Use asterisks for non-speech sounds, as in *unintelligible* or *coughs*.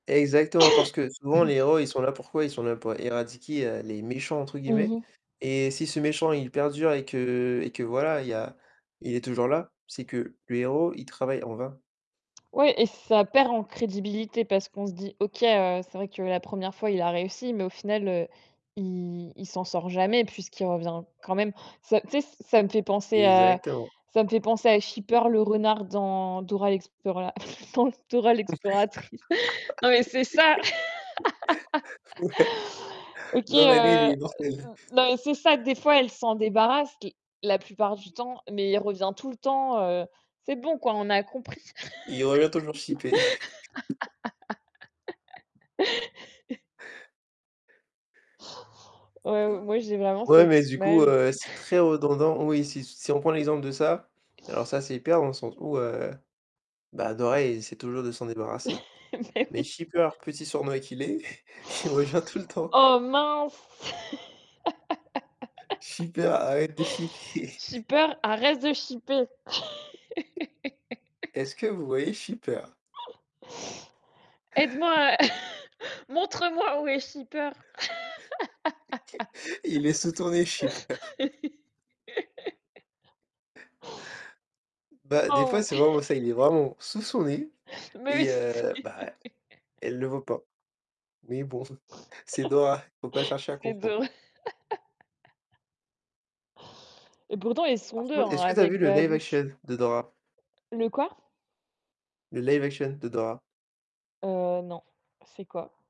Exactement parce *coughs* que souvent *clears throat* les héros ils sont là pourquoi? Ils sont là pour éradiquer «les méchants» entre Mmh guillemets. mh. Et si ce méchant il perdure et que et que voilà il y a il est toujours là, c'est que le héros il travaille en vain. Ouais et ça perd en crédibilité, parce qu'on se dit: «OK, heu, c'est vrai que la 1re fois, il a réussi, mais au final, heu, il il s'en sort jamais, puisqu'il revient quand même». Ça tu sais, ç ça me fait penser à Exactement. ça me fait penser à Chipeur le renard dans Dora l'explora dans Dora l'exploratrice. Non mais c'est ça! *laughs* *laughs* Ouais. OK, Non mais lui il heu est heu immortel. l *chuckles* la c'est ça, des fois elle s'en débarrasse. L la plupart du temps. Mais il revient tout le temps, heu. C'est bon quoi, on a compris! Il revient toujours chiper. *chuckles* *laughs* Ouais, ou *unintelligible* moi, j'ai vraiment Ouais cette mais du coup, image. heu, c'est très redondant. Oui si s si on prend l'exemple de ça alors ça c'est hyper dans le sens où heu bah dans elle, elle essaie toujours de s'en débarrasser. Mais Mais oui. Chipeur, petit sournois qu'il est, *chuckles* il rejoint tout le temps. Oh mince! Chipeur arrête de *laughs* chiper! Chipeur, arrête de chiper! Est-ce *laughs* que vous voyez Chipeur? Aide-moi à *chuckles* Montre-moi où est Chipeur. *laughs* Il est sous ton nez Chipeur! *laughs* Bah, des fois Oh. c'est vraiment ça, il est *laughs* vraiment sous son nez Mais oui et heu, c'est bah, elle *laughs* le voit pas. Mais bon, c'est *chuckles* Dora, faut pas chercher à C'est comprendre. Dora. Et pourtant ils Par sont 2, contre hein, est-ce que tu as avec vu le live Babouche. action? De Dora. Le quoi? Le live action? de Dora. Heu, non. C'est quoi?